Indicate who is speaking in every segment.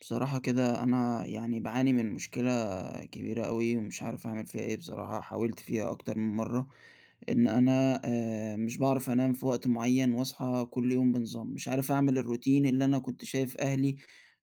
Speaker 1: بصراحة كده، أنا يعني باعاني من مشكلة كبيرة أوي، ومش عارف أعمل فيها إيه بصراحة، حاولت فيها أكتر من مرة، إن أنا آآ، مش باعرف أنام في وقت معين واصحى كل يوم بنظام، مش عارف أعمل الروتين اللي أنا كنت شايف أهلي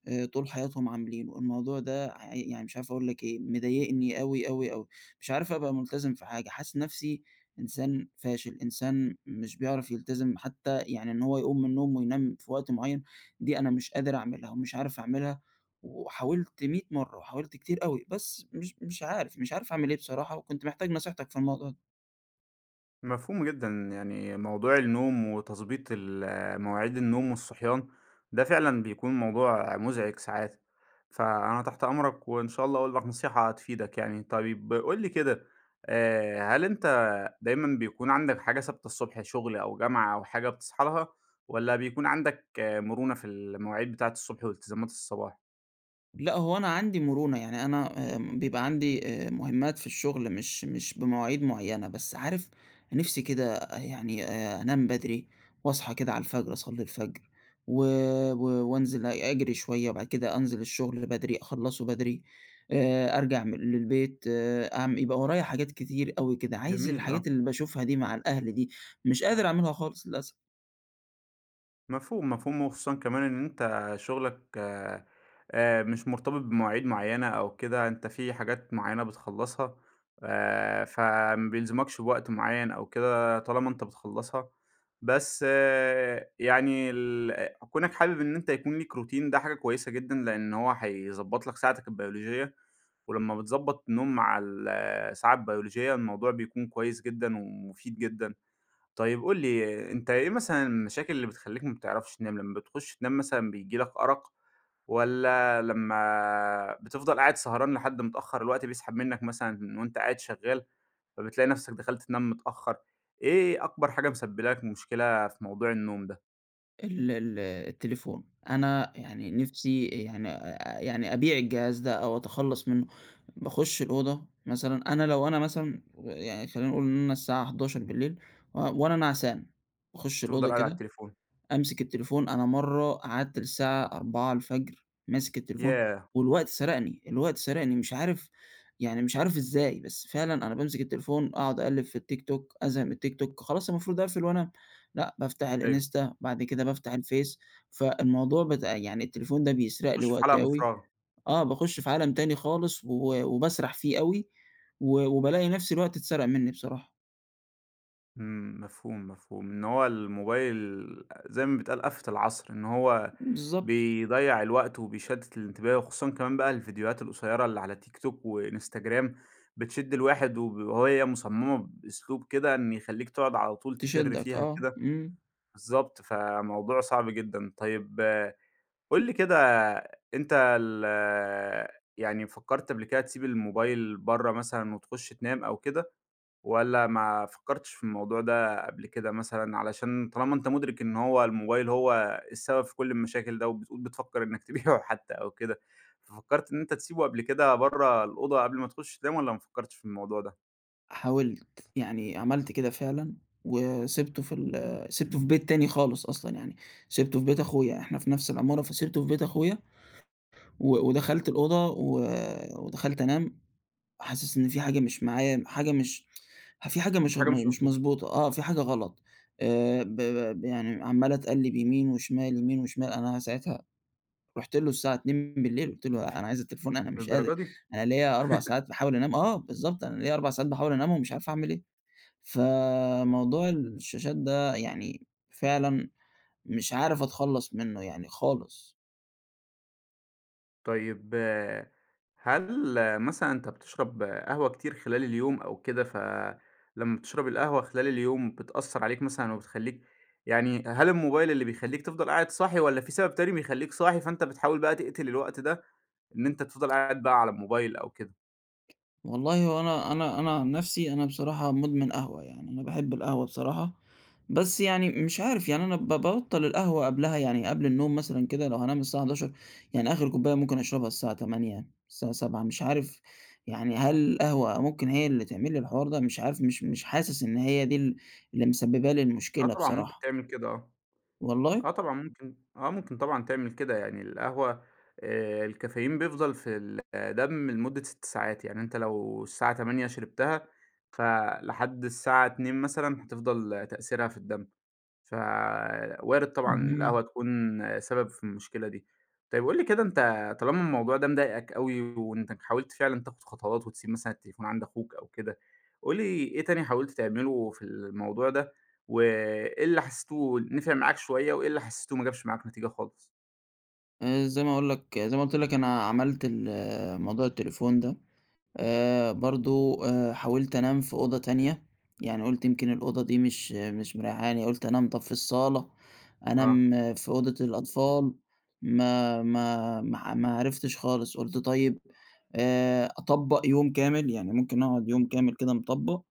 Speaker 1: آآ طول حياتهم عاملينه، الموضوع ده ع يعني مش عارف أقول لك إيه، مضايقني أوي، أوي، أوي، مش عارف أبقى ملتزم في حاجة، حاسس نفسي إنسان فاشل، إنسان مش بيعرف يلتزم حتى يعني إن هو يقوم من النوم وينام في وقت معين، دي أنا مش قادر أعملها ومش عارف أعملها، وحاولت 100 مرة، وحاولت كتير أوي، بس مش مش عارف، مش عارف أعمل إيه بصراحة، وكنت محتاج نصيحتك في الموضوع ده.
Speaker 2: مفهوم جدًا، يعني موضوع النوم وتضبيط ال مواعيد النوم والصحيان ده فعلًا بيكون موضوع مزعِج ساعات، فأنا تحت أمرك، وإن شاء الله أقول لك نصيحة هتفيدك يعني. طيب قُل لي كده آآ، هل أنت دايمًا بيكون عندك حاجة ثابتة الصبح شغل أو جامعة أو حاجة بتصحى لها، والَّا بيكون عندك مرونة في المواعيد بتاعة الصبح والتزامات الصباح؟
Speaker 1: لأ، هو أنا عندي مرونة يعني أنا آآ، بيبقى عندي آآ، مهمات في الشغل مش مش بمواعيد معينة، بس عارف نفسي كده يعني آآ، أنام بدري واصحي كده على الفجر أصلي الفجر و و وأنزل أجري شوية، وبعد كده أنزل الشغل بدري، أخلَصه بدري آآ، أرجع م للبيت آآ، أع يبقى ورايا حاجات كتير أوي كده، عايز
Speaker 2: جميل،
Speaker 1: الحاجات
Speaker 2: آه.
Speaker 1: اللي باشوفها دي مع الأهل دي، مش قادر أعملها خالص للأسف.
Speaker 2: مفهوم، مفهوم، وخُصوصًا كمان إن أنت شُغلك آآ، آآ، مش مرتبط بمواعيد معينة أو كده، أنت في حاجات معينة بتّخلصها ف فَما بيلزمكش بوقت معين أو كده طالما أنت بتّخلصها، بس يعني ال كونَك حابب إن أنت يكون ليك روتين ده حاجة كويسة جدًا لأن هو هيضبطلك ساعتك البيولوجية، ولما بتضبط النوم مع ال الساعة البيولوجية الموضوع بيكون كويس جدًا، ومُفيد جدًا. طيب قُل لي أنت إيه مثلًا المشاكل اللي بتخليك ما بتعرفش تنام؟ لما بتخش تنام مثلًا بييجي لك أرق، والّا لما بتفضل قاعد سهران لحد متأخر الوقت بيسحب منك مثلًا وأنت قاعد شغّال، فَبتلاقي نفسك دخلت تنام متأخر، إيه أكبر حاجة مُسبّبة لك مشكلة في موضوع النوم ده؟
Speaker 1: ال ال التليفون، أنا يعني نفسي يعني آآ، يعني أبيع الجهاز ده أو أتخلص منه. باخُش الأوضة مثلًا، أنا لو أنا مثلًا ويعني خلينا نقول إن أنا الساعة 23:00 و وأنا نعسان باخُش
Speaker 2: بتفضل
Speaker 1: الأوضة
Speaker 2: قاعد علي
Speaker 1: كده
Speaker 2: التليفون.
Speaker 1: أمسك التليفون، أنا مرة قعدت للساعة 4:00 ماسك التليفون،
Speaker 2: ياه!
Speaker 1: والوقت سرقني، الوقت سرقني، مش عارف يعني مش عارف إزاي، بس فعلًا أنا بامسك التليفون أقعد أقلّب في التيك توك أزهق من التيك توك خلاص المفروض أقفل وأنام، لا بافتح
Speaker 2: أيوه.
Speaker 1: الإنستا بعد كده بافتح الفيس، فالموضوع بتاع يعني التليفون ده بيسرق لي
Speaker 2: تخُش في حلقة
Speaker 1: وقتي أوي
Speaker 2: مُفرغة.
Speaker 1: آه، باخش في عالم تاني خالص و وباسرح فيه أوي و وبالاقي نفسي الوقت اتسرق مني بصراحة.
Speaker 2: امم، مفهوم، مفهوم، إن هو الموبايل زي ما بيتقال آفة العصر، إن هو
Speaker 1: بالضبط.
Speaker 2: بيضيع الوقت وبيشتت الانتباه، وخصوصًا كمان بقى الفيديوهات القصيرة اللي على تيك توك وإنستجرام بتشد الواحد، وهي مُصممة بأسلوب كده إنه يخليك تقعد على طول تفرّ
Speaker 1: تشدك
Speaker 2: فيها
Speaker 1: آه،
Speaker 2: كده.
Speaker 1: امم.
Speaker 2: بالضبط، فَموضوع صعب جدًا. طيب قل لي كده أنت ال يعني فكرت قبل كده تسيب الموبايل برا مثلًا وتخُش تنام أو كده، والّا ما فكرتش في الموضوع ده قبل كده مثلًا، علشان طالما أنت مُدرك إن هو الموبايل هو السبب في كل المشاكل ده وبتقول بتفكر إنك تبيعُه حتى أو كده، ففكرت إن أنت تسيبه قبل كده برا الأوضة قبل ما تخُش تنام والّا ما فكرتش في الموضوع ده؟
Speaker 1: حاولت، يعني عَمَلت كده فعلًا، وسِبتُه في ال سِبتُه في بيت تاني خالص أصلًا يعني، سِبتُه في بيت أخويا، إحنا في نفس العمارة فسِبتُه في بيت أخويا، و ودخلت الأوضة و ودخلت أنام، حاسس إن في حاجة مش معايا، حاجة مش في حاجة
Speaker 2: إمم،
Speaker 1: مش
Speaker 2: في حاجة مش
Speaker 1: م مش
Speaker 2: مضبوطة.
Speaker 1: مضبوطة، آه في حاجة غلط، آآ، ب ب ب ي يعني عمَّال أتقلِّب يمين وشمال يمين وشمال، أنا ساعتها رُحت له الساعة 02:00 قُلت له أنا عايز التليفون، أنا مش قادر،
Speaker 2: للدرجة دي؟
Speaker 1: أنا ليَّ 4 ساعات باحاول أنام، آه بالضبط، أنا ليَّ 4 ساعات باحاول انامهم ومش عارف أعمل إيه، فموضوع الشاشات ده يعني فعلًا مش عارف أتخلَّص منه يعني خالص.
Speaker 2: طيب، هل مثلًا أنت بتشرب قهوة كتير خلال اليوم أو كده، ف لمَّا بتشرب القهوة خلال اليوم بتأثَّر عليك مثلًا وبتخلّيك يعني هل الموبايل اللي بيخلّيك تفضل قاعد صاحي والَّا في سبب تاني بيخلّيك صاحي، فأنت بتحاول بقى تَقتِل الوقت ده إن أنت تفضل قاعد بقى على الموبايل أو كده؟
Speaker 1: والله هو أنا أنا أنا عن نَفسي أنا بصراحة مُدمن قهوة، يعني أنا باحِب القهوة بصراحة، بس يعني م مش عارف يعني أنا ب بابطَّل القهوة قبلها يعني قبل النوم مثلًا كده لو هانام الساعة 23:00 يعني آخِر كُوباية ممكن أشربها الساعة 20:00، الساعة 19:00 مش عارف يعني هل القهوة ممكن هي اللي تعمل لي الحوار ده، مش عارف مش مش حاسس إن هي دي ال اللي مسبِّبة لي
Speaker 2: آه،
Speaker 1: المشكلة
Speaker 2: طبعًا ممكن
Speaker 1: بصراحة.
Speaker 2: تعمل كده، آه،
Speaker 1: والله؟
Speaker 2: آه طبعًا ممكن، آه ممكن طبعًا تعمل كده، يعني القهوة آآ، الcaffeine بيفضَل في ال الدم لمدّة 6 ساعات، يعني أنت لو الساعة 20:00 شرِبتها فلحد الساعة 02:00 مثلًا هتفضَل تأثيرها في الدم، فوارِد طبعًا
Speaker 1: اهم.
Speaker 2: القهوة تكون سبب في المشكلة دي، طيّب قُل لي كده أنت طالما الموضوع ده مضايقك اوي وأنت حاولت فعلًا تاخد خطوات وتسيِب مثلًا التليفون عند أخوك أو كده، قُل لي إيه تاني حاولت تعملُه في الموضوع ده، وإيه اللي حَسّيتُه نَفَع معاك شوية، وإيه اللي حَسّيتُه ما جابش معاك نتيجة خالص؟
Speaker 1: آآ، زي ما أقول لك، زي ما قلت لك أنا عملت ال موضوع التليفون ده، آآ، برضو آآ، حاولت أنام في أوضة تانية، يعني قلت يمكن الأوضة دي مش مش مريحاني يعني قلت أنام طب في الصالة،
Speaker 2: آه.
Speaker 1: أنام في أوضة الأطفال، ما ما ما ما عرفتش خالص، قلت طيب آآ، أطبق يوم كامل يعني ممكن أقعد يوم كامل كده مطبق،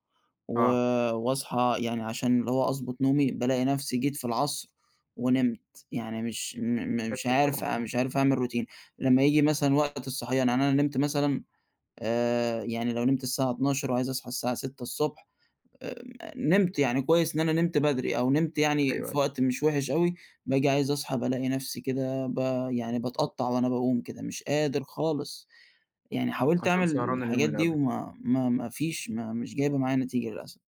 Speaker 1: و
Speaker 2: آه.
Speaker 1: وأصحى يعني عشان اللي هو أضبط نومي، بالاقي نفسي جيت في العصر ونمت، يعني مش م مش
Speaker 2: أكيد طبعًا،
Speaker 1: عارف
Speaker 2: امم.
Speaker 1: مش عارف أعمل روتين، لما ييجي مثلًا وقت الصحيان يعني أنا نمت مثلًا آآ، يعني لو نمت الساعة 00:00 وعايز أصحى الساعة 06:00 ص آآ، نمت يعني كويس إن أنا نمت بدري أو نمت يعني
Speaker 2: أيوه، أيوه.
Speaker 1: في وقت مش وحش أوي، باجي عايز أصحى بالاقي نفسي كده ب يعني باتقطع وأنا بأقوم كده، مش قادر خالص، يعني حاولت
Speaker 2: عشان
Speaker 1: أعمل
Speaker 2: سهران اليوم
Speaker 1: الحاجات
Speaker 2: اللي
Speaker 1: دي
Speaker 2: قبله.
Speaker 1: وما ما ما فيش ما مش جايبة معايا نتيجة للأسف.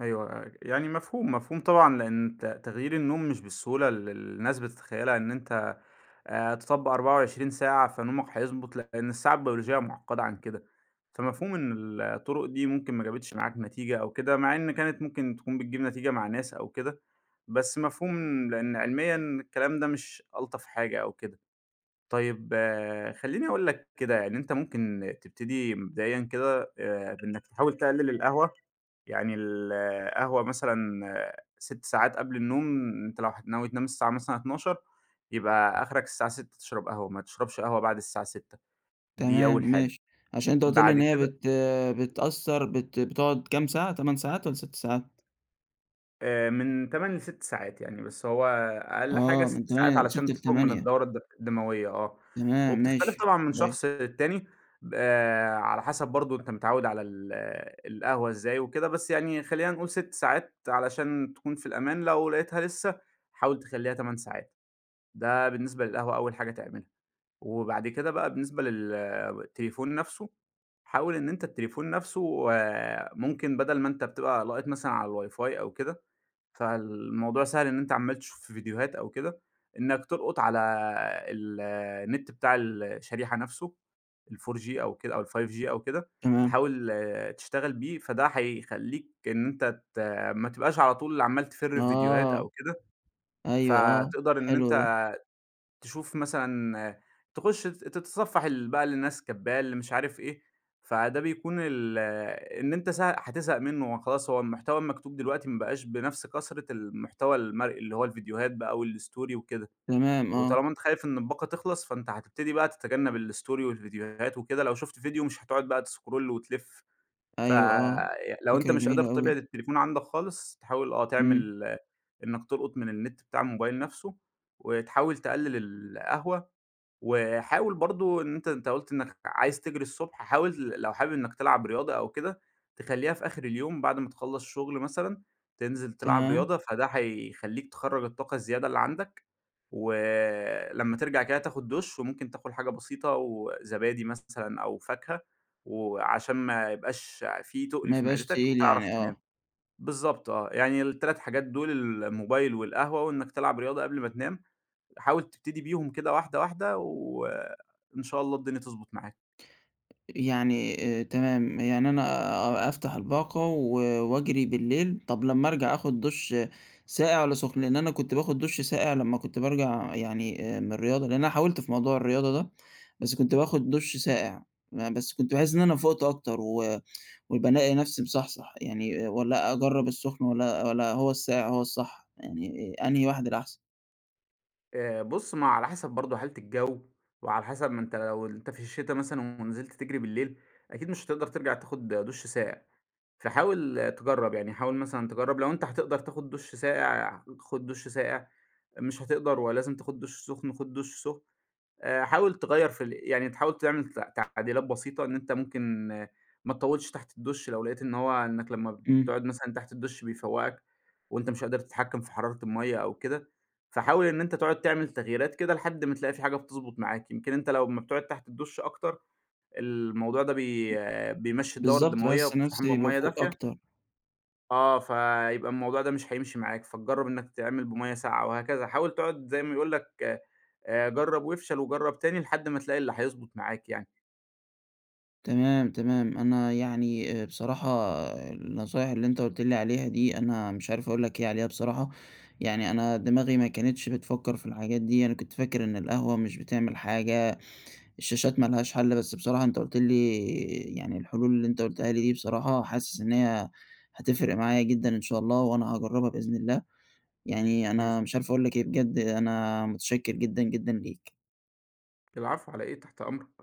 Speaker 2: أيوه ي يعني مفهوم، مفهوم طبعًا، لإن تَ تغيير النوم مش بالسهولة ال اللي الناس بتتخيلها إن أنت آآ، تطبق 24 ساعة فنومك هيضبط لإن الساعة البيولوجية معقدة عن كده، فمفهوم إن ال الطرق دي ممكن ما جابتش معاك نتيجة أو كده مع إن كانت ممكن تكون بتجيب نتيجة مع ناس أو كده، بس مفهوم لإن علميًا الكلام ده مش ألطف حاجة أو كده، طيب خليني أقول لك كده يعني، أنت ممكن تبتدي مبدئيًا كده، آآ، بإنك تحاول تقلل القهوة يعني ال القهوة مثلًا 6 ساعات قبل النوم أنت لو هت ناوي تنام الساعة مثلًا 00:00 يبقى أخرك الساعة 18:00 تشرب قهوة، ما تشربش قهوة بعد الساعة 18:00 دي
Speaker 1: تمام،
Speaker 2: أول حاجة،
Speaker 1: ماشي، عشان أنت قلت لي
Speaker 2: بعد
Speaker 1: إن هي
Speaker 2: كده
Speaker 1: بت بتأثر بت بتقعد كام ساعة؟ 8 ساعات والّا 6 ساعات؟
Speaker 2: آآ، من 8 ل 6 ساعات، يعني بس هو أقل حاجة
Speaker 1: آه من
Speaker 2: 6 ساعات
Speaker 1: تماني من 6
Speaker 2: علشان تخرج من
Speaker 1: ل8
Speaker 2: الدورة الد الدموية، آه،
Speaker 1: تمام،
Speaker 2: وبتختلف
Speaker 1: ماشي،
Speaker 2: طبعًا من شخص
Speaker 1: ماشي.
Speaker 2: للتاني، ب آآ، على حسب برضه أنت متعوّد على ال القهوة إزاي وكده، بس يعني خلينا نقول 6 ساعات علشان تكون في الأمان، لو لقيتها لسه حاول تخليها 8 ساعات، ده بالنسبة للقهوة أول حاجة تعملها، وبعد كده بقى بالنسبة لل التليفون نفسه حاول إن أنت التليفون نفسه آآ، ممكن بدل ما أنت بتبقى لاقط مثلًا على الWIFI أو كده، فالموضوع سهل إن أنت عمّال تشوف في فيديوهات أو كده، إنك تلقط على ال النت بتاع ال الشريحة نفسه ال4G أو كده أو ال5G أو كده،
Speaker 1: تمام.
Speaker 2: تحاول تشتغل بيه فده هيخليك إن أنت ت ما تبقاش على طول عمّال تفرّ في فيديوهات
Speaker 1: آه
Speaker 2: أو كده،
Speaker 1: أيوه آه،
Speaker 2: فتقدر إن
Speaker 1: حلو ده.
Speaker 2: أنت تشوف مثلًا تخُش ت تتصفح ال بقى اللي الناس كاتباه اللي مش عارف إيه فده بيكون ال إن أنت س هتزهق منه وخلاص هو المحتوى المكتوب دلوقتي ما بقاش بنفس كثرة المحتوى المرئي، اللي هو الفيديوهات بقى و الStory وكده،
Speaker 1: تمام، آه.
Speaker 2: وطالما أنت خايف إن الباقة تخلص، فأنت هتبتدي بقى تتجنب الStory والفيديوهات وكده، لو شُفت فيديو مش هتقعد بقى تسكرول وتلف،
Speaker 1: أيوه آه،
Speaker 2: فلو
Speaker 1: فكرة
Speaker 2: أنت مش قادر
Speaker 1: جميلة
Speaker 2: تبعد
Speaker 1: أوي.
Speaker 2: التليفون عندك خالص، تحاول آه
Speaker 1: امم.
Speaker 2: تعمل إنك تلقط من النت بتاع الموبايل نفسه، وتحاول تقلّل القهوة وحاول برضه إن أنت أنت قلت إنك عايز تجري الصبح حاول لو حابب إنك تلعب رياضة أو كده، تخليها في آخر اليوم بعد ما تخلّص شغل مثلًا، تنزل تلعب
Speaker 1: تمام.
Speaker 2: رياضة، فده هيخليك تخرَّج الطاقة الزيادة اللي عندك، ولمَّا ترجع كده تاخد دُش، وممكن تاكل حاجة بسيطة و زبادي مثلًا أو فاكهة، وعشان ما يبقاش في تُقل
Speaker 1: ما
Speaker 2: في
Speaker 1: يبقاش
Speaker 2: معدتك
Speaker 1: تقيل
Speaker 2: وتعرف
Speaker 1: يعني،
Speaker 2: تنام،
Speaker 1: آه.
Speaker 2: بالضبط آه، يعني ال3 حاجات دول الموبايل، والقهوة، وإنك تلعب رياضة قبل ما تنام، حاول تبتدي بيهم كده واحدة واحدة، وإن شاء الله الدنيا تضبط معاك.
Speaker 1: يعني تمام، يعني أنا أ أفتح الباقة و وأجري بالليل، طب لمّا أرجَع آخُد دُش ساقع والّا سُخن؟ لأن أنا كنت باخد دُش ساقع لمّا كنت بارجع يعني من الرياضة، لأن أنا حاولت في موضوع الرياضة ده، بس كنت باخد دُش ساقع، يعني بس كنت باحس إن أنا فُقت أكتر و وبالاقي نفْسي مصحصح يعني، والّا أجرب السُّخن؟ والّا والّا هو الساقع هو الصح؟ يعني، أنهي واحد الأحسن؟
Speaker 2: آآ، بُص، ما هو على حسب برضه حالة الجو، وعلى حسب ما أنت لو أنت في الشتا مثلًا ونزِلت تجري بالليل، أكيد مش هتقدَر ترجع تاخد دُش ساقع، فحاول تجرّب، يعني حاول مثلًا تجرّب لو أنت هتقدر تاخد دُش ساقع، خُد دُش ساقع، مش هتقدَر ولازم تاخد دُش سُخن، خُد دُش سُخن، آآ حاول تغيّر في ال يعني تحاول تعمل ت تعديلات بسيطة، إن أنت ممكن ما تطوِّلش تحت الدُّش لو لقيت إن هو، إنّك لمّا
Speaker 1: إمم.
Speaker 2: بتقعد مثلًا تحت الدُّش بيفوَّقك وأنت مش قادر تتحكِّم في حرارة المَيَّة أو كده، فحاول إن أنت تقعد تعمل تغييرات كده لحد ما تلاقي في حاجة بتضبُط معاك، يمكن أنت لو أمّا بتقعد تحت الدُّش أكتر، الموضوع ده بي بيمشّي الدورة
Speaker 1: بالضبط،
Speaker 2: الدموية
Speaker 1: باحس
Speaker 2: وبتستحمى
Speaker 1: نفسي
Speaker 2: بمَيَّة
Speaker 1: بافوق
Speaker 2: دافية
Speaker 1: أكتر.
Speaker 2: آه، فيبقى الموضوع ده مش هيمشي معاك، فتجرّب إنّك تعمل بمَيَّة ساقعة وهكذا، حاول تقعُد زي ما يقول لك، جرّب وافشل وجرّب تاني لحد ما تلاقي اللي هيضبُط معاك يعني.
Speaker 1: تمام، تمام، أنا يعني آآ بصراحة النصايح اللي أنت قُلت لي عليها دي أنا مش عارف أقول لك إيه عليها بصراحة، يعني أنا دماغي ما كانتش بتفكَّر في الحاجات دي، أنا كنت فاكر إن القهوة مش بتعمل حاجة، الشاشات ما لهاش حل، بس بصراحة أنت قُلت لي، يعني الحلول اللي أنت قُلتها لي دي بصراحة حاسس إن هي هتفرِق معايا جدًا إن شاء الله وأنا هاجرّبها بإذن الله، يعني أنا مش
Speaker 2: [unintelligible]
Speaker 1: عارف أقول لك إيه، بجد أنا متشكِّر جدًا، جدًا ليك.
Speaker 2: العفو. على إيه؟ تحت أمرك.